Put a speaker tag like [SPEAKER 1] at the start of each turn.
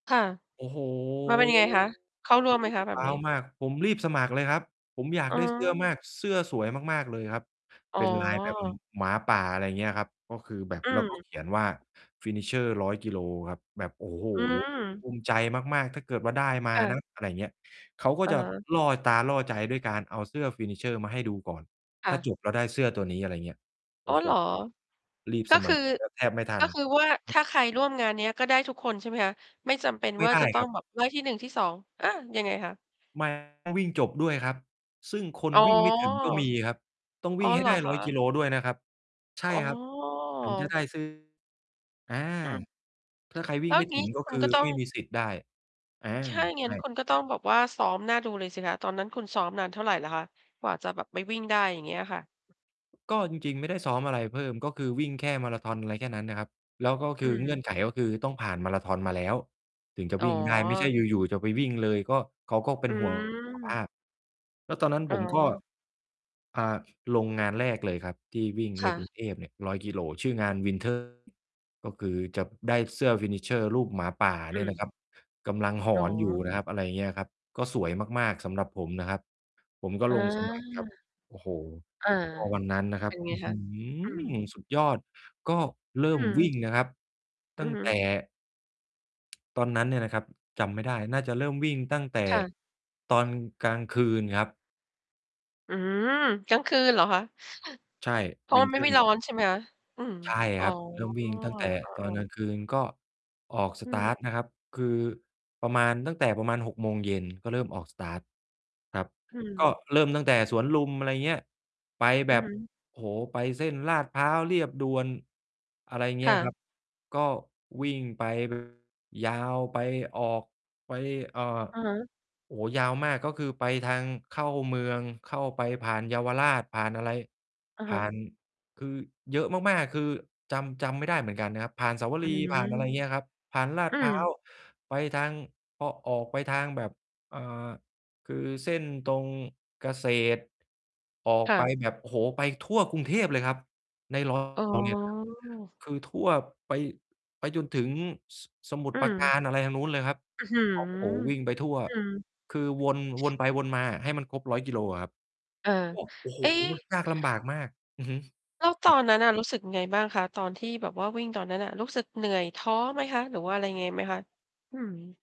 [SPEAKER 1] ค่ะ
[SPEAKER 2] โอ้ โฮ
[SPEAKER 1] มันเป็นยังไงคะ? เข้าร
[SPEAKER 2] ผ
[SPEAKER 1] ่วม
[SPEAKER 2] ม
[SPEAKER 1] ไหม
[SPEAKER 2] รู้
[SPEAKER 1] ค
[SPEAKER 2] ส
[SPEAKER 1] ะ
[SPEAKER 2] ึก
[SPEAKER 1] แบ
[SPEAKER 2] ว
[SPEAKER 1] บ
[SPEAKER 2] ้า
[SPEAKER 1] นี
[SPEAKER 2] ว
[SPEAKER 1] ้?
[SPEAKER 2] มาก ผมรีบสมัครเลยครับ ผมอยาก
[SPEAKER 1] อ๋
[SPEAKER 2] ได้เสื้อม
[SPEAKER 1] อ
[SPEAKER 2] าก เสื้อสวยมาก ๆ เลยครับ
[SPEAKER 1] อ๋
[SPEAKER 2] เ
[SPEAKER 1] อ
[SPEAKER 2] ป็นลายแบบ ม หมาป่า อะไรอย่างเงี้ยครับ ก็คือแบบ
[SPEAKER 1] อื
[SPEAKER 2] แล้วก็
[SPEAKER 1] ม
[SPEAKER 2] เขียนว่า Finisher 100 กิโลครับ แบบ โอ้โฮ
[SPEAKER 1] อื
[SPEAKER 2] คือ ภ
[SPEAKER 1] ม
[SPEAKER 2] ูมิใจมาก ๆ ถ้าเกิดว่าได้มา
[SPEAKER 1] ค่ะ
[SPEAKER 2] นะ อะไรอย่างเงี้ย เขาก็
[SPEAKER 1] อะ
[SPEAKER 2] จะ
[SPEAKER 1] ฮะ
[SPEAKER 2] ล่อตาล่อใจ ด้วยการเอาเสื้อ Finisher มาให้ดูก่อน
[SPEAKER 1] ค
[SPEAKER 2] ถ
[SPEAKER 1] ่
[SPEAKER 2] ้า
[SPEAKER 1] ะ
[SPEAKER 2] จบแล้วได้เสื้อตัวนี้ อะไรเงี้ย โอ
[SPEAKER 1] อ๋อ
[SPEAKER 2] ้โฮ
[SPEAKER 1] เหรอ?
[SPEAKER 2] รีบ
[SPEAKER 1] ก็
[SPEAKER 2] สม
[SPEAKER 1] ค
[SPEAKER 2] ั
[SPEAKER 1] ือ
[SPEAKER 2] คร แบบ แทบไม่ทั
[SPEAKER 1] ก็
[SPEAKER 2] น
[SPEAKER 1] คือว่า
[SPEAKER 2] อ
[SPEAKER 1] ถ
[SPEAKER 2] ืม
[SPEAKER 1] ้าใครร่วมงานเนี้ย ก็ได้ทุกคนใช่ไหมคะ? ไม่จำเป็น
[SPEAKER 2] ไม่
[SPEAKER 1] ว่า
[SPEAKER 2] ได
[SPEAKER 1] จ
[SPEAKER 2] ้
[SPEAKER 1] ะต้
[SPEAKER 2] ค
[SPEAKER 1] อ
[SPEAKER 2] ร
[SPEAKER 1] ง
[SPEAKER 2] ับ
[SPEAKER 1] แบบได้ที่ 1 ที่ 2 อา ยังไงคะ?
[SPEAKER 2] มา ต้องวิ่งจบด้วยครับ ซึ่งคน
[SPEAKER 1] อ๋อ
[SPEAKER 2] วิ่งไม่ถึงก็มีครับ ต้อง
[SPEAKER 1] อ๋
[SPEAKER 2] วิ
[SPEAKER 1] อ
[SPEAKER 2] ่งให
[SPEAKER 1] เ
[SPEAKER 2] ้
[SPEAKER 1] หร
[SPEAKER 2] ไ
[SPEAKER 1] อ
[SPEAKER 2] ด้
[SPEAKER 1] ค
[SPEAKER 2] 100 กิ
[SPEAKER 1] ะ?
[SPEAKER 2] โลด้วยนะครับ ใช
[SPEAKER 1] อ
[SPEAKER 2] ่
[SPEAKER 1] ๋
[SPEAKER 2] ครับ ถึงจะ
[SPEAKER 1] อ
[SPEAKER 2] ได้ เสื้อ อา
[SPEAKER 1] อืม
[SPEAKER 2] ถ้าใครวิ
[SPEAKER 1] แล
[SPEAKER 2] ่
[SPEAKER 1] ้
[SPEAKER 2] ง
[SPEAKER 1] ว
[SPEAKER 2] ไ
[SPEAKER 1] อ
[SPEAKER 2] ม
[SPEAKER 1] ย
[SPEAKER 2] ่
[SPEAKER 1] ่าง
[SPEAKER 2] ถ
[SPEAKER 1] งี
[SPEAKER 2] ึ
[SPEAKER 1] ้
[SPEAKER 2] ง ก็
[SPEAKER 1] คุ
[SPEAKER 2] ค
[SPEAKER 1] ณ
[SPEAKER 2] ื
[SPEAKER 1] ก
[SPEAKER 2] อ
[SPEAKER 1] ็ต้อ
[SPEAKER 2] ไม
[SPEAKER 1] ง
[SPEAKER 2] ่มีสิทธิ์ได้ อา
[SPEAKER 1] ถ้าอย่าง
[SPEAKER 2] ใ
[SPEAKER 1] ง
[SPEAKER 2] ช
[SPEAKER 1] ั้น
[SPEAKER 2] ่
[SPEAKER 1] คุณก็ต้องแบบว่าซ้อมน่าดูเลยสิคะ ตอนนั้นคุณซ้อมนานเท่าไรเหรอคะ กว่าจะแบบไปวิ่งได้ อย่างเงี้ยค่ะ?
[SPEAKER 2] ก็จริง ๆ ไม่ได้ซ้อมอะไรเพิ่ม ก็คือวิ่งแค่มาราธอน อะไรแค่นั้นนะครับ แล้วก็ค
[SPEAKER 1] อื
[SPEAKER 2] ือ
[SPEAKER 1] อ
[SPEAKER 2] เ
[SPEAKER 1] ฮ
[SPEAKER 2] งื่อ
[SPEAKER 1] ึ
[SPEAKER 2] นไขก็คือ ต้องผ่านมาราธอนมาแล้วถึงจะ
[SPEAKER 1] อ๋
[SPEAKER 2] ว
[SPEAKER 1] อ
[SPEAKER 2] ิ่งได้ ไม่ใช่อยู่ ๆ จะไปวิ่งเลย ก็เขาก็เป็
[SPEAKER 1] อื
[SPEAKER 2] น ห่วงสุข ภ
[SPEAKER 1] ม
[SPEAKER 2] าพ แล้วตอนนั้น
[SPEAKER 1] อ๋
[SPEAKER 2] ผมก็
[SPEAKER 1] อ
[SPEAKER 2] อ่า ส ลงงานแรกเลยครับ ที่วิ่ง
[SPEAKER 1] ค
[SPEAKER 2] ใน
[SPEAKER 1] ่
[SPEAKER 2] กร
[SPEAKER 1] ะ
[SPEAKER 2] ุงเทพเนี่ย 100 กิโล ชื่องาน Winter ก็คือจะได้เสื้อ Finisher รูปหมาป่า
[SPEAKER 1] อ
[SPEAKER 2] เนี่ย
[SPEAKER 1] ื
[SPEAKER 2] นะค
[SPEAKER 1] ม
[SPEAKER 2] รับ กำลังห
[SPEAKER 1] อ
[SPEAKER 2] อ
[SPEAKER 1] ๋อ
[SPEAKER 2] นอยู่นะครับ อะไรเงี้ยครับ ก็สวยมาก ๆ สำหรับผมนะครับ ผมก็
[SPEAKER 1] อา
[SPEAKER 2] ลง สมัครครับ โอ้โฮ
[SPEAKER 1] อา
[SPEAKER 2] ก็วันนั้นนะคร
[SPEAKER 1] เ
[SPEAKER 2] ั
[SPEAKER 1] ป็
[SPEAKER 2] บ
[SPEAKER 1] นไง
[SPEAKER 2] อื้อ
[SPEAKER 1] ค
[SPEAKER 2] ฮ
[SPEAKER 1] ะ?
[SPEAKER 2] ื
[SPEAKER 1] อื
[SPEAKER 2] อ
[SPEAKER 1] ม
[SPEAKER 2] สุดยอด ก็เริ่
[SPEAKER 1] อื
[SPEAKER 2] ม วิ่
[SPEAKER 1] ม
[SPEAKER 2] งนะครับ
[SPEAKER 1] อ
[SPEAKER 2] ต
[SPEAKER 1] ื
[SPEAKER 2] ั้
[SPEAKER 1] อ
[SPEAKER 2] ง
[SPEAKER 1] ฮึ
[SPEAKER 2] แต่ ตอนนั้นเนี่ยนะครับ จำไม่ได้ น่าจะเริ่มวิ่งตั้งแต่
[SPEAKER 1] ค่ะ
[SPEAKER 2] ตอนกลางคืนครับ
[SPEAKER 1] อืม กลางคืนเหรอคะ?
[SPEAKER 2] ใช่
[SPEAKER 1] เพราะว่ามัน
[SPEAKER 2] winter
[SPEAKER 1] ไม่ร
[SPEAKER 2] run
[SPEAKER 1] ้อนใช่ไหม? อืม
[SPEAKER 2] ใช่
[SPEAKER 1] อ๋
[SPEAKER 2] ค
[SPEAKER 1] อ
[SPEAKER 2] รับ เริ่มวิ่งตั้งแต่
[SPEAKER 1] อา
[SPEAKER 2] ตอนกลา
[SPEAKER 1] ๆ
[SPEAKER 2] งคืน ก็ออก ส
[SPEAKER 1] อื
[SPEAKER 2] ตาร
[SPEAKER 1] ม
[SPEAKER 2] ์ต นะครับ คือประมาณตั้งแต่ประมาณ 18:00 ก็เริ่มออก สตาร์ต ครับ
[SPEAKER 1] อื
[SPEAKER 2] ก็
[SPEAKER 1] ม
[SPEAKER 2] เริ่มตั้งแต่สวนลุม อะไรเงี้ย ไป
[SPEAKER 1] อ
[SPEAKER 2] แ
[SPEAKER 1] ื
[SPEAKER 2] บ
[SPEAKER 1] อ
[SPEAKER 2] บ
[SPEAKER 1] ฮึ
[SPEAKER 2] โอ้โฮ ไปเส้นลาดพร้าว เลียบด่วน อะไรเง
[SPEAKER 1] ค
[SPEAKER 2] ี้
[SPEAKER 1] ่
[SPEAKER 2] ย คร
[SPEAKER 1] ะ
[SPEAKER 2] ับ ก็วิ่ง ไป ยาวไป ออกไป เอ่อ
[SPEAKER 1] อะฮะ
[SPEAKER 2] โอ้ ยาวมาก ก็คือไปทางเข้าเมือง เข้าไปผ่านเยาวราช ผ่านอะไร
[SPEAKER 1] อะ
[SPEAKER 2] ผ
[SPEAKER 1] ฮ
[SPEAKER 2] ่า
[SPEAKER 1] ะ
[SPEAKER 2] น คือเยอะมาก ๆ คือ จำ จำไม่ได้เหมือนกันนะครับ ผ่านเสาว
[SPEAKER 1] อ
[SPEAKER 2] ร
[SPEAKER 1] ื
[SPEAKER 2] ีย์
[SPEAKER 1] ม
[SPEAKER 2] ผ่านอะไรอย่างเงี้ยครับ ผ่านลาด
[SPEAKER 1] อื
[SPEAKER 2] พร้า
[SPEAKER 1] ม
[SPEAKER 2] ว ไปทาง พอออกไปทางแบบ อ่า คือเส้นตรงเกษตร ออก
[SPEAKER 1] ค่
[SPEAKER 2] ไป
[SPEAKER 1] ะ
[SPEAKER 2] แบบ โอ้โฮ ไปทั่วกรุงเทพเลยครับ ใน รอ
[SPEAKER 1] อ๋
[SPEAKER 2] บ เนี่ยน
[SPEAKER 1] อ
[SPEAKER 2] ะครับ คือทั่ว ไป ไปจนถึง ส สมุท
[SPEAKER 1] อื
[SPEAKER 2] รปราก
[SPEAKER 1] ม
[SPEAKER 2] าร อะไรทางนู้นเลยครับ
[SPEAKER 1] อื้อฮือ
[SPEAKER 2] โอ้ โฮ วิ่งไปทั่ว
[SPEAKER 1] อืม
[SPEAKER 2] คือ วน วนไปวนมาอะ ให้มันครบ 100 กิโลอะครับ
[SPEAKER 1] เออ
[SPEAKER 2] โอ้ โอ้โฮ
[SPEAKER 1] เอ๊ะ
[SPEAKER 2] ยากลำบากมาก อือฮึ
[SPEAKER 1] แล้วต
[SPEAKER 2] คร
[SPEAKER 1] อ
[SPEAKER 2] ับ
[SPEAKER 1] นนั้นอะรู้สึกยังไงบ้างคะ? ตอนที่แบบว่าวิ่งตอนนั้นอะ รู้สึกเหนื่อย ท้อไหมคะ? หรือว่าอะไรยังไงไหมคะ? อืม